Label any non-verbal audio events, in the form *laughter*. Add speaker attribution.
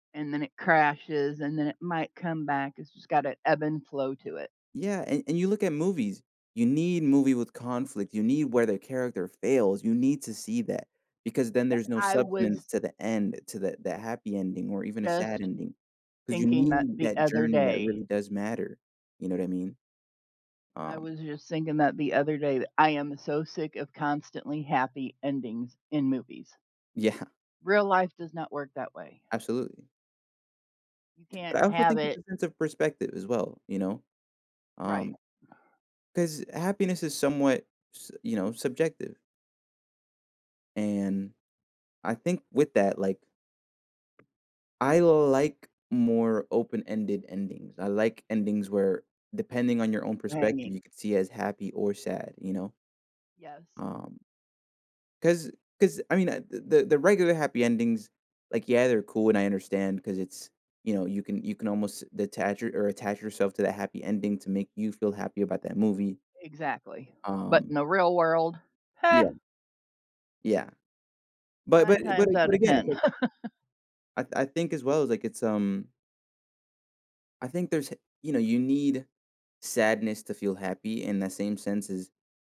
Speaker 1: And then it crashes and then it might come back, it's just got an ebb and flow to it.
Speaker 2: Yeah, and- and you look at movies, you need movie with conflict, you need where the character fails, you need to see that, because then
Speaker 1: Yep,
Speaker 2: there's no
Speaker 1: I
Speaker 2: substance
Speaker 1: was
Speaker 2: to the end, to the the happy ending, or even a sad
Speaker 1: just
Speaker 2: ending. 'Cause you
Speaker 1: thinking that
Speaker 2: need
Speaker 1: the
Speaker 2: that
Speaker 1: other
Speaker 2: journey that
Speaker 1: day.
Speaker 2: really does matter, you know what I mean?
Speaker 1: I
Speaker 2: Um
Speaker 1: was just thinking that the other day, that I am so sick of constantly happy endings in movies.
Speaker 2: Yeah.
Speaker 1: Real life does not work that way.
Speaker 2: Absolutely.
Speaker 1: You can't
Speaker 2: But I also
Speaker 1: have
Speaker 2: think
Speaker 1: it
Speaker 2: there's a sense of perspective as well, you know?
Speaker 1: Right.
Speaker 2: Um, 'cause happiness is somewhat, s you know, subjective and I think with that, like, I like more open-ended endings, I like endings where, depending on your own perspective,
Speaker 1: Hanging.
Speaker 2: you could see as happy or sad, you know?
Speaker 1: Yes.
Speaker 2: Um 'cause 'cause, I mean, uh, the the regular happy endings, like, yeah, they're cool, and I understand 'cause it's, you know, you can you can almost detach or a attach yourself to that happy ending to make you feel happy about that movie.
Speaker 1: Exactly. But
Speaker 2: Um
Speaker 1: in the real world,
Speaker 2: Yeah.
Speaker 1: ha!
Speaker 2: Yeah. But but
Speaker 1: 9
Speaker 2: but a
Speaker 1: times
Speaker 2: but
Speaker 1: outta
Speaker 2: again, it's
Speaker 1: 10.
Speaker 2: like
Speaker 1: *laughs*
Speaker 2: I I think as well, like, it's, um I think there's h you know, you need sadness to feel happy in the same sense as